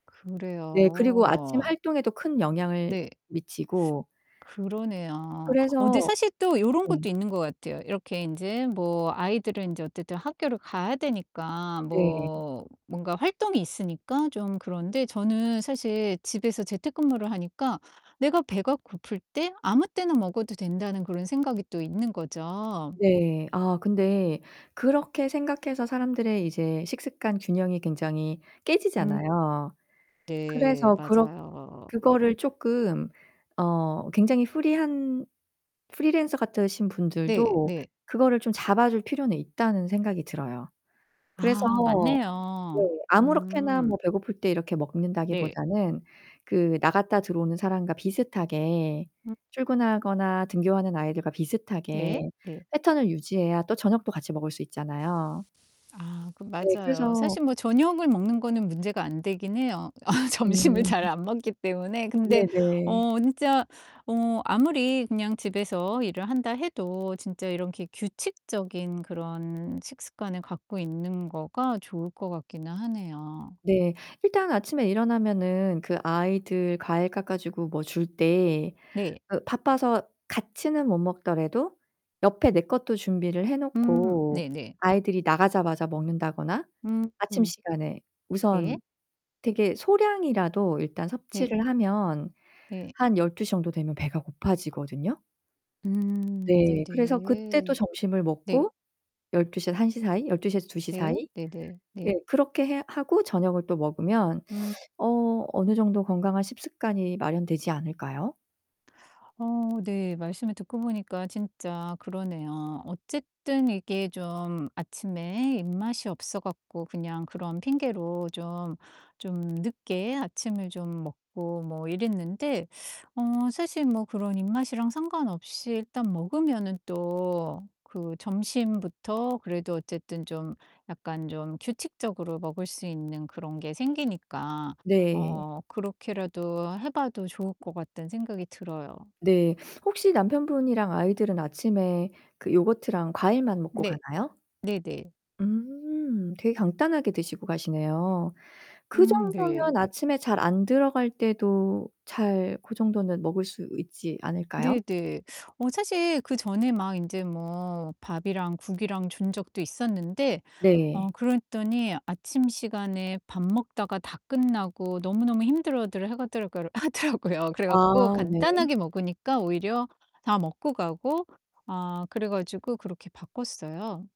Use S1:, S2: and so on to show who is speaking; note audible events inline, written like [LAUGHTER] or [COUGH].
S1: 네. 그리고 아침
S2: 그래요.
S1: 활동에도 큰 영향을
S2: 네.
S1: 미치고
S2: 그러네요. 어 근데
S1: 그래서
S2: 사실 또 요런
S1: 네.
S2: 것도 있는 것 같아요. 이렇게 인제 뭐 아이들은 이제 어쨌든 학교를 가야 되니까
S1: 네.
S2: 뭐 뭔가 활동이 있으니까 좀 그런데 저는 사실 집에서 재택근무를 하니까 '내가 배가 고플 때 아무 때나 먹어도 된다.'는 그런 생각이 또 있는 거죠.
S1: 네. 아 근데 그렇게 생각해서 사람들의 이제 식습관 균형이 굉장히
S2: 음.
S1: 깨지잖아요.
S2: 네
S1: 그래서 그렇
S2: 맞아요.
S1: 그거를 쪼끔 어 굉장히 프리한 프리랜서 같으신
S2: 네
S1: 분들도
S2: 네.
S1: 그거를 좀 잡아 줄 필요는 있다는 생각이 들어요. 그래서
S2: 아
S1: 네
S2: 맞네요.
S1: 아무렇게나
S2: 음.
S1: 뭐 배고플 때 이렇게 먹는다기
S2: 네.
S1: 보다는 그 나갔다 들어오는 사람과 비슷하게
S2: 음.
S1: 출근하거나 등교하는 아이들과
S2: 네.
S1: 비슷하게
S2: 네.
S1: 패턴을 유지해야 또 저녁도 같이 먹을 수 있잖아요.
S2: 아 그
S1: 네
S2: 맞아요.
S1: 그래서
S2: 사실 뭐 저녁을 먹는 거는 문제가 안 되긴 해요, 아 점심을
S1: 음.
S2: 잘 안 먹기 때문에. 근데
S1: 네네.
S2: 어 진짜 어 아무리 그냥 집에서 일을 한다 해도 진짜 이렇게 규칙적인 그런 식습관을 갖고 있는 거가 좋을 것 같기는 하네요.
S1: 네. 일단 아침에 일어나면은 그 아이들 과일 깎아 주고 뭐 줄 때
S2: 네.
S1: 으 바빠서 같이는 못 먹더라도 옆에 내 것도 준비를 해
S2: 음
S1: 놓고
S2: 네네.
S1: 아이들이 나가자마자 먹는다거나
S2: 음.
S1: 아침 시간에
S2: 네.
S1: 우선 되게 소량이라도 일단
S2: 네.
S1: 섭취를 하면
S2: 예.
S1: 한 12:00 정도 되면 배가 고파지거든요.
S2: 음
S1: 네, 그래서 그때 또
S2: 네네.
S1: 점심을
S2: 네.
S1: 먹고 12:00에서 1:00 사이, 12:00 에서 2:00
S2: 네.
S1: 사이
S2: 네네.
S1: 네
S2: 네.
S1: 그렇게 해 하고 저녁을 또 먹으면
S2: 음.
S1: [SUCKS TEETH] 어 어느 정도 건강한 식습관이 마련되지 않을까요?
S2: 어 네. 말씀을 듣고 보니까 진짜 그러네요. 어쨌든 이게 좀 아침에 입맛이 없어 갖고 그냥 그런 핑계로 좀 좀 늦게 아침을 좀 먹고 뭐 이랬는데 어 사실 뭐 그런 입맛이랑 상관없이 일단 먹으면은 또 그 점심부터 그래도 어쨌든 좀 약간 좀 규칙적으로 먹을 수 있는 그런 게 생기니까
S1: 네.
S2: 어 그렇게라도 해 봐도 좋을 것 같다는 생각이 들어요.
S1: 네. 혹시 남편분이랑 아이들은 아침에 그 요거트랑 과일만 먹고
S2: 네.
S1: 가나요?
S2: 네네.
S1: 음. 되게 간단하게 드시고 가시네요.
S2: 음 네.
S1: 그정도면 아침에 잘 안 들어갈 때도 잘 고 정도는 먹을 수 있지 않을까요?
S2: 네 네. 어 사실 그전에 막 인제 뭐 밥이랑 국이랑 준 적도 있었는데 어
S1: 네.
S2: 그랬더니 아침 시간에 밥 먹다가 다 끝나고 너무너무 힘들어들 하가더라가를 하더라고요. 그래
S1: 아
S2: 갖고
S1: 네.
S2: 간단하게 먹으니까 오히려 다 먹고 가고 아 그래 가지고 그렇게 바꿨어요.